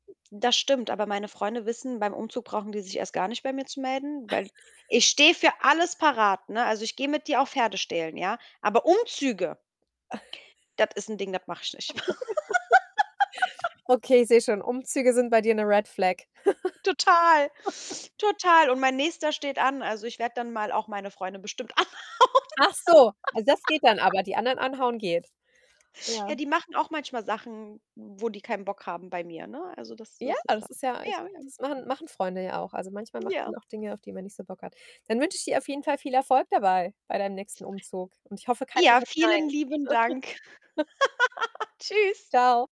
Das stimmt, aber meine Freunde wissen, beim Umzug brauchen die sich erst gar nicht bei mir zu melden, weil [unintelligible] ich stehe für alles parat, ne? Also, ich gehe mit dir auch Pferde stehlen, ja? Aber Umzüge das ist ein Ding, das mache ich nicht. Okay, ich sehe schon, Umzüge sind bei dir 'ne Red Flag. Total, total. Und mein nächster steht an, also, ich werde dann mal auch meine Freunde bestimmt anhauen. Ach so, also, das geht dann aber, die anderen anhauen geht? Ja. Ja, die machen auch manchmal Sachen, w wo die keinen Bock haben bei mir, ne? Also, das Ja, das ist das das halt ist so. ja echt Ja, das ja. machen machen Freunde ja auch. Also, manchmal machen Ja. die auch Dinge, auf die man nicht so Bock hat. Dann wünsche ich dir auf jeden Fall viel Erfolg dabei, bei deinem nächsten Umzug. Und ich hoffe, keiner Ja, sagt nein. vielen lieben Dank. Tschüss. Tschau.